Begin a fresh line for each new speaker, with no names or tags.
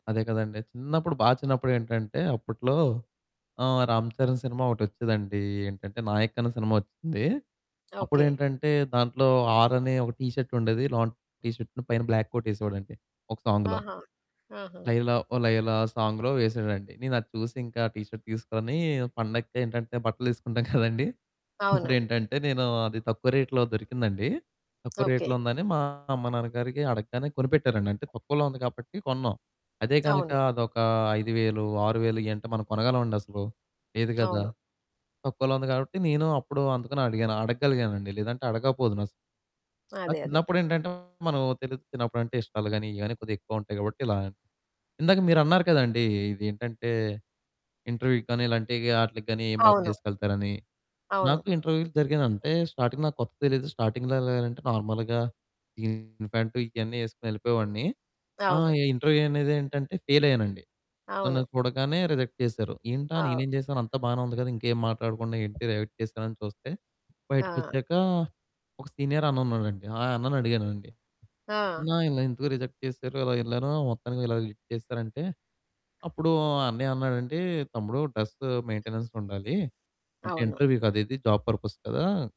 అదే కదండీ. చిన్నప్పుడు బా చిన్నప్పుడు ఏంటంటే అప్పట్లో ఆహ్, రామ్ చరణ్ సినిమా ఒకటి వచ్చేదండి. ఏంటంటే 'నాయక్' అనే సినిమా వచ్చింది.
ఓకే.
అప్పుడేంటంటే దాంట్లో ఆర్ అని ఒక టీ షర్ట్ ఉండేది. లోన టీ షర్ట్‌ను పైన బ్లాక్ కోట్ ఎసేవాడండి. ఒక సాంగ్‌లో.
ఆహా! ఆహా!
'లైలా ఓ లైలా' ఆ సాంగ్‍లో వేసాడండి. నేను అది చూసింకా, ఆ టీ షర్ట్ తీసుకొని పండగకి ఏంటంటే బట్టలేసుకుంటాం కదండీ.
అవును.
ఇప్పుడేంటంటే నేను అది తక్కువ రేట్‌లో దొరికిందండి. తక్కువ
ఓకే.
రేట్‌లో ఉందని, మా అమ్మ నాన్న గారికి అడగ్గానే కొనిపెట్టారండి. అంటే తక్కువలో ఉంది కాబట్టి కొన్నాం. అదే గనుక
అవును.
అదొక 5000, 6000 ఇయంటే మనం కొనగలమండసలు? లేదు కదా!
అవును.
తక్కువలో ఉంది కాబట్టి నేను అప్పుడు అందుకని అడిగాను అడగలిగానండి. లేదంటే అడగకపోదునసలు. నాకు
అదే, అదే.
చిన్నప్పుడేంటంటే మనం తెలిదు చిన్నప్పుడంటే ఇష్టాలు గాని, ఇయి గాని కొద్దిగా ఎక్కువ ఉంటాయి కాబట్టి ఇలా. ఇందాక మీరు అన్నారు కదండీ ఇది ఏంటంటే, ఇంటర్వ్యూ‍‍కి గాని, ఇలాంటి ఆట్లకి గాని ఏం
అవును.
బట్టలేసుకెళ్తారని.
అవును.
నాకు ఇంటర్వ్యూ‍లు జరిగిన అంటే స్టార్టింగ్ నాకు కొత్తగా తెలియదు. స్టార్టింగ్‍లో ఎలా ఎళ్ళాలంటే, నార్మల్‍గా జీను ప్యాంటు ఇయన్నీ యేసుకొని ఎళ్ళిపోయేవాడిని. ఆ!
అవును.
ఈ ఇంటర్వ్యూ అనేదేంటంటే ఫెయిల్ అయ్యానండి. నన్ను
అవును.
చూడగానే రిజెక్ట్ చేసారు. ఏంటా
అవు
నేనేం చేశాను అంత బానే ఉంది కదా! ఇంకేం మాట్లాడకుండా ఏంటి రిజెక్ట్ చేశారని చూస్తే
ఆ!
బయటికొచ్చాక, ఒక సీనియర్ అన్న ఉన్నాడండి. ఆ అన్నని అడిగానండి.
ఆ!
అన్న ఇలా ఎందుకు రిజెక్ట్ చేసారు. ఇలా యెళ్ళాను, మొత్తానికి ఇలా ఇది చేసేసారు అంటే, అప్పుడు అన్నయ్య అన్నాడండి. "తమ్ముడు డ్రెస్ మెయిన్‌టెనెన్స్ ఉండాలి. అంటే
అవును.
ఇంటర్వ్యూ కదా! ఇది జాబ్ పర్పస్ కదా!"